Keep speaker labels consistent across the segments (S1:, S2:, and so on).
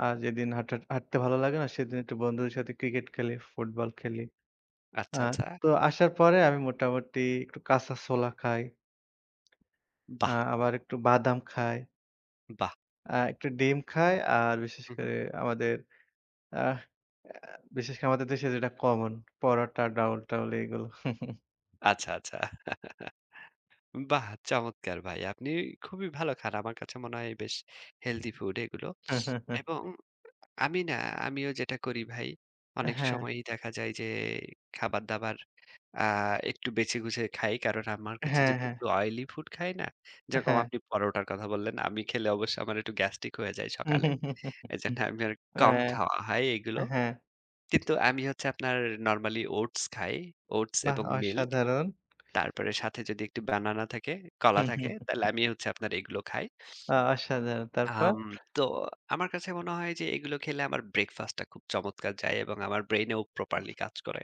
S1: আ যেদিন হাঁটার হাঁটতে ভালো লাগে না, সেদিন একটু বন্ধুদের সাথে ক্রিকেট খেলি, ফুটবল খেলি। আ
S2: আচ্ছা, আচ্ছা।
S1: তো আসার পরে আমি মোটামুটি একটু কাঁচা ছোলা খাই। আ
S2: বাহ!
S1: আবার একটু বাদাম খাই।
S2: বাহ!
S1: আ একটা ডিম খাই। আর বিশেষ
S2: হু, হু।
S1: করে আমাদের আহ আ বিশেষ করে আমাদের দেশে যেটা কমন। পরোটা, ডাউল-টাউল এগুলো।
S2: আচ্ছা, আচ্ছা। বাহ চমৎকার ভাই! আপনি খুবই ভালো খান। আমার কাছে মনে হয়, বেশ Healthy food এগুলো। এবং আমি না? আমিও যেটা করি ভাই,
S1: এ
S2: অনেক
S1: হ্যাঁ।
S2: সময়ই দেখা যায় যে, খাবার দাবার আ একটু বেঁছে-গুছে খাই। কারণ আমার কাছে
S1: হ্যাঁ,
S2: যদি
S1: হ্যাঁ।
S2: একটু Oily food খাই না?
S1: এ
S2: যেরকম
S1: হ্যাঁ।
S2: আপনি পরোটার কথা বললেন, আমি খেলে অবশ্য আমার একটু গ্যাস্ট্রিক হয়ে যায় সকালে। এজন্য আমি আরুক
S1: অ্যা
S2: কম খাওয়া হয়
S1: এ
S2: এইগুলো।
S1: হ্যাঁ।
S2: কিন্তু আমি হচ্ছে আপনার নরমালি Oats খাই, Oats
S1: বাহ
S2: এবং মিল্ক।
S1: অসাধারণ!
S2: তারপরে সাথে যদি একটু বানানা থাকে, কলা থাকে, তাইলে আমি হচ্ছে আপনার এইগুলো খাই।
S1: অ অসাধারন! তারপর?
S2: আম তো আমার কাছে মনে হয় যে, এগুলো খেলে আমার breakfast টা খুব চমৎকার যায় এবং আমার ব্রেইন এও properly কাজ করে।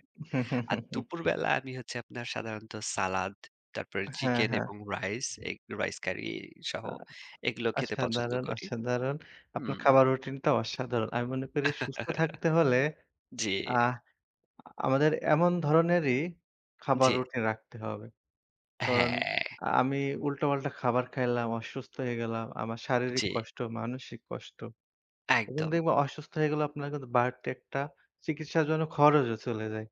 S2: আর দুপুরবেলা আমি হচ্ছে আপনার সাধারণত সালাদ, তারপরে
S1: হ্যাঁ,
S2: চিকেন
S1: হ্যাঁ।
S2: এবং রাইস, এগ, রাইস কারি সহ
S1: আ
S2: এগুলো খেতে পছন্দ
S1: অসাধারণ!
S2: করি।
S1: অসাধারণ! আপনার
S2: হুম।
S1: খাবার রুটিনটা অসাধারণ। আমি মনে করি সুস্থ থাকতে হলে,
S2: জি।
S1: আহ আ আমাদের এমন ধরনেরই খাবার
S2: জি।
S1: রুটিন রাখতে হবে। কারণ
S2: হ্যাঁ।
S1: আমি উল্টা-পাল্টা খাবার খাইলাম, অসুস্থ হয়ে গেলাম, আমার
S2: উ
S1: শারীরিক
S2: জি।
S1: কষ্ট, মানসিক কষ্ট। এবং
S2: একদম।
S1: দেখব অসুস্থ হয়ে গেলে আপনার কিন্তু, বাড়তি একটা চিকিৎসার জন্য খরচও চলে যায়।